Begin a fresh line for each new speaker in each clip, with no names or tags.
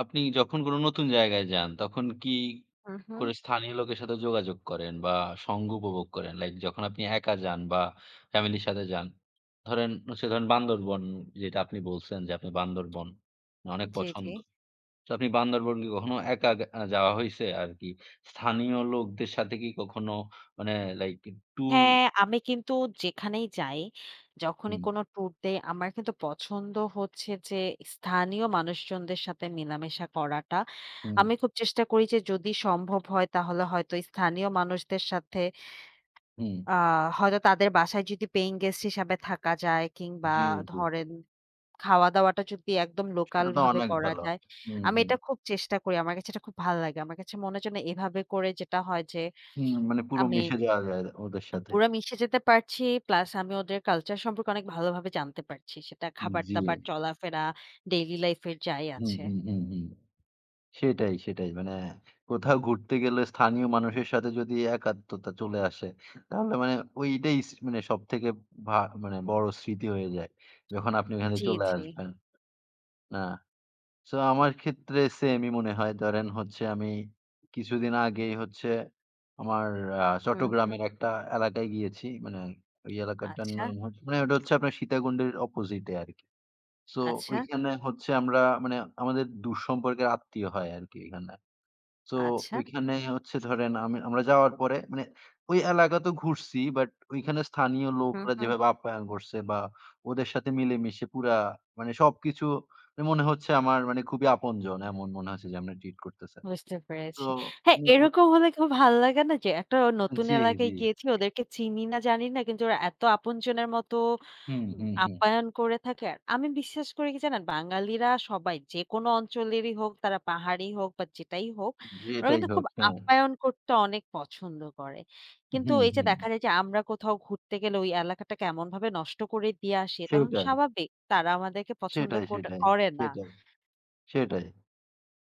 আপনি যখন কোনো নতুন জায়গায় যান, তখন কি
হুম, হুম।
করে স্থানীয় লোকের সাথে যোগাযোগ করেন বা সঙ্গ উপভোগ করেন? লাইক যখন আপনি একা যান বা ফ্যামিলির সাথে যান, ধরেন সে ধরেন বান্দরবন যেটা আপনি বলছেন যে, আপনি বান্দরবন অনেক
জ্বী, জ্বী।
পছন্দ। তো আপনি বান্দরবন কি কখনো একা আগ যাওয়া হইছে আরকি? স্থানীয় লোকদের সাথে কি কখনো মানে লাইক ট্যুর
হ্যাঁ, আমি কিন্তু যেখানেই যাই, যখনই
হুম।
কোন টুর দেই আমার কিন্তু পছন্দ হচ্ছে যে, স্থানীয় মানুষজনদের সাথে মেলামেশা করাটা।
হুম।
আমি খুব চেষ্টা করি যে, যদি সম্ভব হয় তাহলে হয়তো স্থানীয় মানুষদের সাথে
হুম।
আ হয়তো তাদের বাসায় যদি paying guest হিসাবে থাকা যায় কিংবা
জ্বী, জ্বী।
ধরেন খাওয়া-দাওয়াটা যদি একদম
সেটা তো
লোকালভাবে
অনেক
করা
ভালো।
যায়,
হুম,
আমি
হুম।
এটা খুব চেষ্টা করি, আমার কাছে এটা খুব ভালো লাগে। আমার কাছে মনে হচ্ছে না এভাবে করে যেটা হয় যে,
হুম, মানে পুরো
আমি
মিশে যাওয়া যায় আ ওদের
আ
সাথে।
পুরা মিশে যেতে পারছি, প্লাস আমি ওদের কালচার সম্পর্কে অনেক ভালোভাবে জানতে পারছি। সেটা
উম, জ্বী।
খাবার-দাবার, চলাফেরা daily life এর যাই
হুম,
আছে।
হুম, হুম, হুম, সেটাই সেটাই। মানে কোথাও ঘুরতে গেলে স্থানীয় মানুষের সাথে যদি একাত্মতা চলে আসে, তাহলে মানে ঐটাই সি মানে সবথেকে ভা বড় স্মৃতি হয়ে যায়। যখন আপনি ওখানে
জ্বী,
চলে
জ্বী।
আসবেন। না, সো আমার ক্ষেত্রে সেইমই মনে হয়। ধরেন হচ্ছে আমি কিছুদিন আগেই হচ্ছে আমার অ্যা
হুম, হুম।
চট্টগ্রামের একটা এলাকায় গিয়েছি। মানে ওই এলাকাটার
আচ্ছা।
নাম হচ্ছে মানে ওটা হচ্ছে আপনার সীতাকুণ্ডের opposite এ আরকি। সো
আচ্ছা।
ঐখানে হচ্ছে আমরা মানে আমাদের দূর সম্পর্কের আত্মীয় হয় আরকি ওখানটা। সো
আচ্ছা।
ঐখানে হচ্ছে ধরেন আমি আমরা যাওয়ার পরে মানে ঐ এলাকা তো ঘুরছি, বাট ঐখানে স্থানীয়
হুম,
লোকরা
হুম।
যেভাবে আপ্যায়ন করছে বা ওদের সাথে মিলেমিশে পুরা মানে সবকিছু মানে মনে হচ্ছে আমার মানে খুবই আপনজন। এমন মনে হচ্ছে যে, আমরা treat করতেছে।
বুঝতে
তো
পেরেছি। হ্যাঁ,
হ্যাঁ, ঐ
এরকম হলে খুব ভাল লাগে না? একটা নতুন
জ্বী,
এলাকায়
জ্বী।
গিয়েছি ওদেরকে চিনি না, জানি না কিন্তু ওরা এত আপনজনের মতো
হুম,
উম
হুম, হুম।
আপ্যায়ন করে থাকে। আমি বিশ্বাস করি কি জানেন? বাঙালিরা সবাই যেকোন অঞ্চলেরই হোক তারা পাহাড়েই হোক বা, যেটাই হোক,
জ্বী,
ওরা
এটাই
কিন্তু খুব
হোক, হ্যাঁ।
আপ্যায়ন করতে অনেক পছন্দ করে। কিন্তু
হুম,
এইযে
হুম।
দেখা যায় যে, আমরা কোথাও ঘুরতে গেলে ওই এলাকাটা কেমনভাবে নষ্ট করে দিয়ে আসি তখন
সেটাই।
স্বাভাবিক তারা আমাদেরকে পছন্দ
সেটাই,
কোট
সেটাই,
করে না।
সেটাই সেটাই।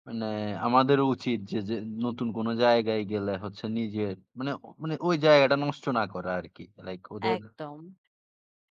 মানে আমাদেরও উচিত যে যে, নতুন কোন জায়গায় গেলে হচ্ছে নিজের মানে মানে ওই জায়গাটা নষ্ট না করা আরকি। লাইক ওদের
একদম।